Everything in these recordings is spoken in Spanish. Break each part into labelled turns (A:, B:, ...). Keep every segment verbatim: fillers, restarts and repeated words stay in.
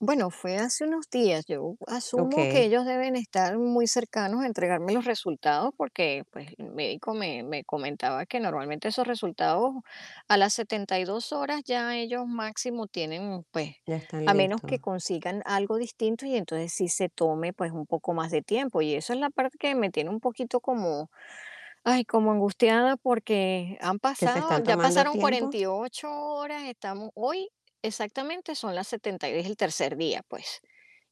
A: Bueno, fue hace unos días, yo asumo que
B: Okey.
A: ellos deben estar muy cercanos a entregarme los resultados porque, pues el médico me me comentaba que normalmente esos resultados a las setenta y dos horas ya ellos máximo tienen, pues
B: Ya están
A: a menos que
B: listos.
A: consigan algo distinto y entonces sí se tome pues un poco más de tiempo. Y eso es la parte que me tiene un poquito como, ay, como angustiada porque han
B: ¿Que se
A: pasado
B: están
A: ya
B: tomando
A: pasaron
B: tiempo?
A: cuarenta y ocho horas, estamos hoy, exactamente son las setenta es el tercer día, pues,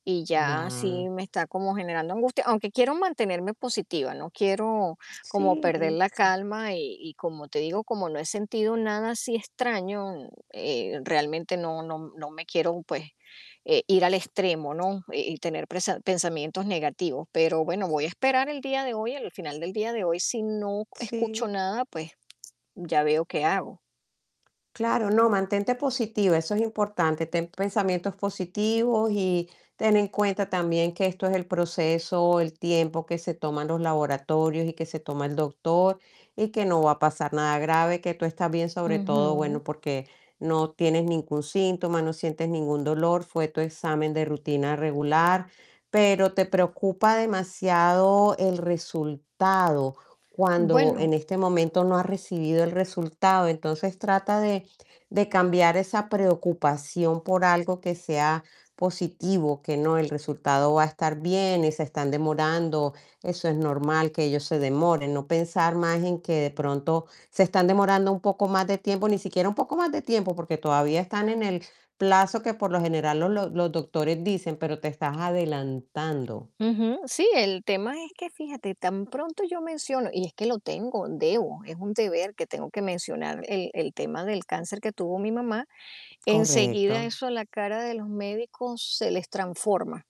A: y ya sí
B: Ya.
A: me está como generando angustia, aunque quiero mantenerme positiva, no quiero como
B: Sí,
A: perder la
B: y
A: calma y y como te digo, como no he sentido nada así extraño, eh, realmente no no m no me quiero, pues, eh, ir al extremo, ¿no? Y y tener prese pensamientos negativos, pero bueno, voy a esperar el día de hoy, el final del día de hoy si no escucho
B: Sí.
A: nada pues, ya veo qué hago.
B: Claro, no, mantente positiva, eso es importante. Ten pensamientos positivos y ten en cuenta también que esto es el proceso, el tiempo que se toman los laboratorios y que se toma el doctor y que no va a pasar nada grave, que tú estás bien, sobre todo,
A: Ujú.
B: bueno, porque no tienes ningún síntoma, no sientes ningún dolor, fue tu examen de rutina regular, pero te preocupa demasiado el resultado cuando en
A: Bueno.
B: este momento no has recibido el resultado. Entonces, trata de de cambiar esa preocupación por algo que sea positivo, que no, el resultado va a estar bien y se están demorando, eso es normal, que ellos se demoren. No pensar más en que de pronto se están demorando un poco más de tiempo, ni siquiera un poco más de tiempo, porque todavía están en el plazo que por lo general los los los doctores dicen, pero te estás adelantando.
A: Ujú. Sí, el tema es que fíjate, tan pronto yo menciono y es que lo tengo, debo, es un deber que tengo que mencionar el el tema del cáncer que tuvo mi mamá, enseguida
B: Correcto.
A: eso la cara de los médicos se les transforma.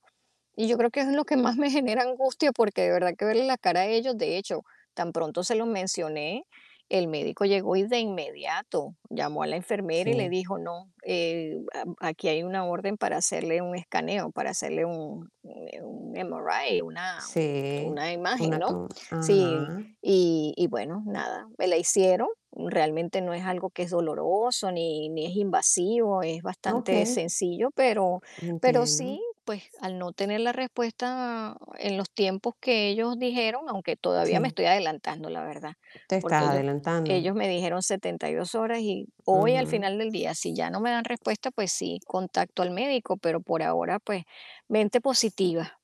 A: Y yo creo que es lo que más me genera angustia, porque de verdad que verle la cara a ellos, de hecho, tan pronto se lo mencioné, el médico llegó y de inmediato llamó a la enfermera y le
B: Sí.
A: dijo: "No, eh, a aquí hay una orden para hacerle un escaneo, para hacerle un un emarai, una
B: Sí,
A: una imagen",
B: una
A: ¿no?
B: to
A: Sí,
B: Ajá.
A: y y bueno, nada, me la hicieron. Realmente no es algo que es doloroso ni ni es invasivo, es bastante
B: Okey.
A: sencillo, pero pero
B: Entiendo.
A: sí, pues al no tener la respuesta en los tiempos que ellos dijeron, aunque todavía me
B: Sí.
A: estoy adelantando, la verdad,
B: Te estás
A: porque ellos ellos
B: adelantando.
A: me dijeron setenta y dos horas y hoy al
B: Ujú.
A: final del día, si ya no me dan respuesta, pues sí, contacto al médico, pero por ahora, pues mente positiva.